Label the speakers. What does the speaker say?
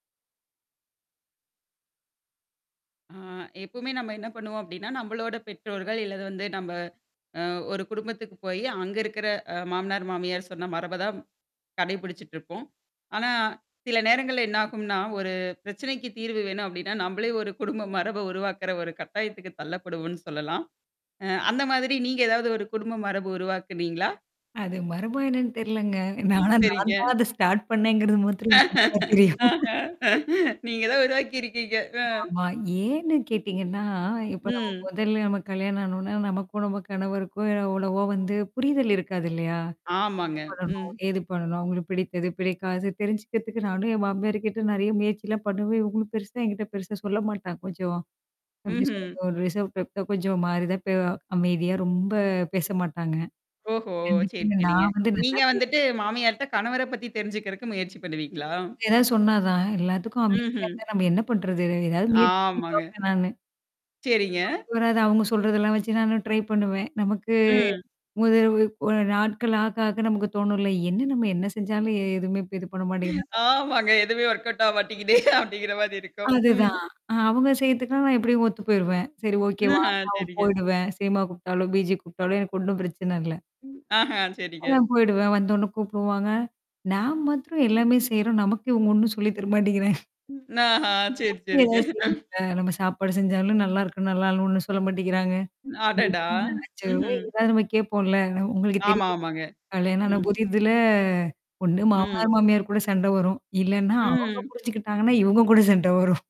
Speaker 1: ஆ, எப்பவுமே நம்ம என்ன பண்ணுவோம் அப்பிடின்னா, நம்பளோட பெற்றோர்கள் இல்லது வந்து நம்ப அ ஒரு குடும்பத்துக்கு போயி அங்க இருக்கிற அ மாமனார், மாமியார் சொன்ன மரப தான். கடைபிடிச்சுட்டு இருப்போம். ஆனா, சில நேரங்கள்ல என்னாகும்ன்னா, ஒரு பிரச்சனைக்கு தீர்வு வேணும் அப்பிடின்னா, நம்பளே ஒரு குடும்ப மரப உருவாக்குற ஒரு கட்டாயத்துக்கு தள்ளப்படுவோம்ன்னு சொல்லலாம். அ அந்த மாதிரி நீங்க ஏதாவது ஒரு குடும்ப மரபு உருவாக்குனீங்களா?
Speaker 2: அது மர்மம் என்னான்னு தெரியலங்க.
Speaker 1: ம்.
Speaker 2: ஆனா, நான்
Speaker 1: சரிங்க.
Speaker 2: தான் அத ஸ்டார்ட் பண்ணேங்கிறது மாத்திரம் நல்லா தெரியும்
Speaker 1: நீங்க தான் உருவாக்கிிருக்கீங்க. அ.
Speaker 2: ஆமா ஏன்னு கேட்டீங்கன்னா, இப்ப நம்ம
Speaker 1: ம்.
Speaker 2: மொதல்ல நம்ம கல்யாணம் ஆனோன்ன, நமக்கோ! நம்ம கணவருக்கோ! எவ்வளவோ வந்து புரிதல் இருக்காது இல்லயா! என்னா
Speaker 1: ஆமாங்க.
Speaker 2: பண்ணணும்?
Speaker 1: ம்.
Speaker 2: ஏது பண்ணணும்? அவுங்களுக்கு பிடித்தது, பிடிக்காதது தெரிஞ்சுக்கிறதுக்கு நானும் என் மாமியாருக்கிட்ட நெறைய முயற்சிலாம் பண்ணுவேன். இவுங்களும் பெருசா என்கிட்ட பெருசா சொல்ல மாட்டாங்க. கொஞ்சோம் எப்பிடி
Speaker 1: ம்ஹ்ம்.
Speaker 2: சொல்றது? ஒரு ரிசர்வ் டைப் தான் கொஞ்சம் மாரிதான் பே அமைதியா ரொம்ப பேச மாட்டாங்க.
Speaker 1: ஓஹோ! சரி
Speaker 2: கண்டிப்பாங்க.
Speaker 1: சரிங்க.
Speaker 2: நான் வந்து நல்லா
Speaker 1: நீங்க வந்துட்டு
Speaker 2: பேசுவேங்க
Speaker 1: மாமியார்ட்ட, கணவர பத்தி தெரிஞ்சுக்கிறக்கு முயற்சி பண்ணுவீங்களா?
Speaker 2: இவுங்க ஏதாவது சொன்னாா தான். எல்லாத்துக்கும் அமைதியா
Speaker 1: ம்ஹ்ம்.
Speaker 2: இருந்தா நம்ப என்னா பண்றது? எதா ஏதாவது முயற்சி பண்ணி
Speaker 1: ஆமாங்க.
Speaker 2: பாப்பேன் நானு.
Speaker 1: சரிங்க.
Speaker 2: இவராது அவுங்க சொல்றதெல்லாம் வச்சு நானும் ட்ரை பண்ணுவேன். நமக்கு.
Speaker 1: ம்.
Speaker 2: முதல் இரவு போன நாட்கள் ஆக ஆக நமக்கு தோணும்ல! என்னா நம்ம என்னா செஞ்சாலும் எ எதுமே இது பண்ண மாட்டேங்கிறாங்க?
Speaker 1: ஆமாங்க. எதுவுமே ஒர்க் அவுட் ஆவ மாட்டேங்கிதே! அப்பிடிங்கிற மாரி இருக்கும்.
Speaker 2: அதுதான்
Speaker 1: ம்.
Speaker 2: அதுதான், அ அவுங்க செய்யுறதுக்கெல்லாம் நான் எப்பிடியும் ஒத்து போயிருவேன். சரி ஓகே
Speaker 1: ம்ஹ், ஆ,
Speaker 2: வான்னா, வு
Speaker 1: சரிங்க.
Speaker 2: போயிடுவேன். சினிமா கூப்டாலும்! பீச்சுக்கு கூப்ப்ட்டாலும்! எனக்கு ஒண்ணும் பிரச்சனை இல்ல.
Speaker 1: ம். ஆஹா! சரிங்க.
Speaker 2: அதான் போயிடுவேன். வந்தவுன்ன கூப்படுவாங்க. நாம் மாத்திரம் எல்லாமே செய்றோம். நமக்கு இவுங்க ஒன்னும் சொல்லி தர மாாட்டேங்கிறாங்க.
Speaker 1: ம், ந ஹ சரி,
Speaker 2: நம்மளும்
Speaker 1: சரிங்க
Speaker 2: ஏதாவது செய்யனும்ல. நம்ம சாப்பாடு செஞ்சாலும், "நல்லா இருக்கு! நல்லா இல்ல!" ஒண்ணும் சொல்ல மாட்டேக்கிறாங்க.
Speaker 1: ம். அடடா!
Speaker 2: எத்தன லச்சமோ
Speaker 1: ம்ஹ்ம்.
Speaker 2: இது தான் நம்ம கேப்போம்ல! நம் உங்களுக்கு தெரி
Speaker 1: ஆமா ஆமாங்க.
Speaker 2: கல்யாணம் ஆன
Speaker 1: ம்.
Speaker 2: புதிதுல ஒண்ணு
Speaker 1: ம்.
Speaker 2: மாமனார், மாமியார் கூட சண்ட வரும். இல்லன்னா அவுங்க
Speaker 1: ம்.
Speaker 2: புரிஞ்சுக்கிட்டாங்கன்னா, இவுங்க கூட சண்ட வரும்.